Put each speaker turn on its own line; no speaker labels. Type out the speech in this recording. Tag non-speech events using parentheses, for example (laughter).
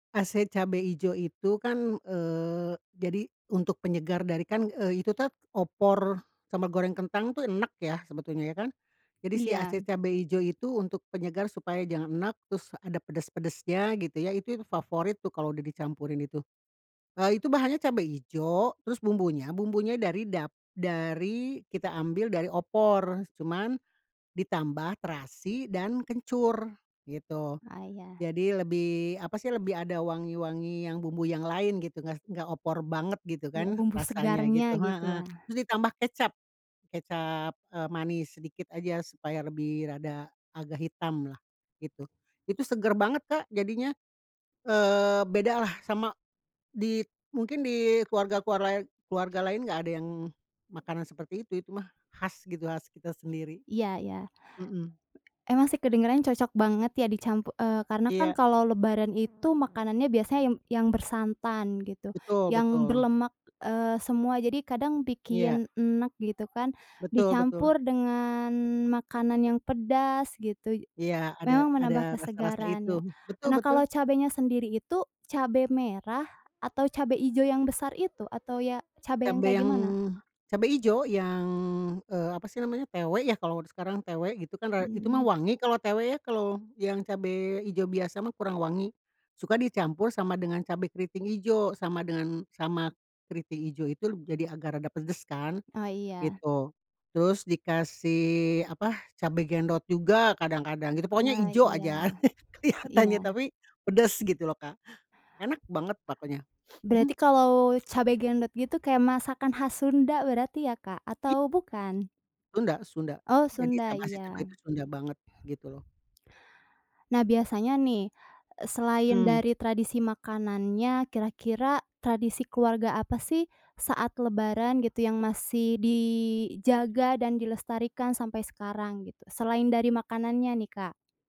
Ase cabe ijo itu kan, eee, jadi untuk penyegar dari kan, eee, itu tuh opor sama goreng kentang tuh enek ya sebetulnya ya kan? Jadi si ase
Iya.
cabe ijo itu untuk penyegar supaya jangan enek, terus ada pedas-pedasnya, gitu ya. Itu yang favorit tuh kalau udah dicampurin itu. Eee, itu bahannya cabe ijo terus bumbunya bumbunya dari dap dari kita ambil dari opor cuman ditambah terasi dan kencur gitu.
Ah iya.
Jadi lebih apa sih, lebih ada wangi-wangi yang bumbu yang lain gitu, nggak nggak opor banget gitu
Iya,
kan
bumbu
rasanya
segarnya
gitu.
gitu ya?
Heeh. Terus ditambah kecap kecap, eee, manis sedikit aja supaya lebih rada agak hitam lah gitu. Itu seger banget Kak, jadinya. Eee, bedalah sama di mungkin di keluarga-keluarla keluarga lain nggak ada yang makanan seperti itu. Itu mah khas gitu, khas kita sendiri.
Iya iya.
Mhm.
Emang sih kedengerannya cocok banget ya dicampur eee, karena kan
Iya.
kalau lebaran itu makanannya biasanya yang yang bersantan gitu,
Betul
yang
betul.
berlemak, eee, semua, jadi kadang
Iya.
bikin enek gitu kan.
Betul betul.
Dicampur dengan makanan yang pedas gitu.
Iya ada
Memang
ada
menambah
rasa-rasa
kesegaran
itu.
ya.
Betul
Nah,
betul.
kalau cabenya sendiri itu cabe merah, atau cabe hijau yang besar itu, atau ya cabe yang
Cabe
kayak
yang
gimana?
cabe ijo yang, eee, apa sih namanya TW ya, kalau sekarang, TW gitu kan, ra itu mah
Mmm.
wangi kalau TW ya. Kalau yang cabe ijo biasa mah kurang wangi. Suka dicampur sama dengan cabe keriting ijo sama dengan sama keriting ijo itu leb jadi agak rada pedes kan,
Oh iya.
gitu. Terus dikasih apa, cabe gendot juga kadang-kadang gitu. Pokoknya
Oh
ijo
iya,
aja (chuckles) kelihatannya
iya.
tapi pedes gitu loh Kak. Enak banget pokoknya.
Berarti
(chuckles)
kalau cabe gendot gitu kayak masakan khas Sunda berarti ya Kak,
I
atau bukan?
Sunda Sunda.
Oh
Jadi
Sunda,
cab ase cabe
iya.
itu Sunda banget, gitu loh.
Nah biasanya nih, e selain
Mmm.
dari tradisi makanannya, kira-kira tradisi keluarga apa sih, saat lebaran gitu yang masih dijaga dan dilestarikan sampai sekarang gitu, selain dari makanannya nih Kak?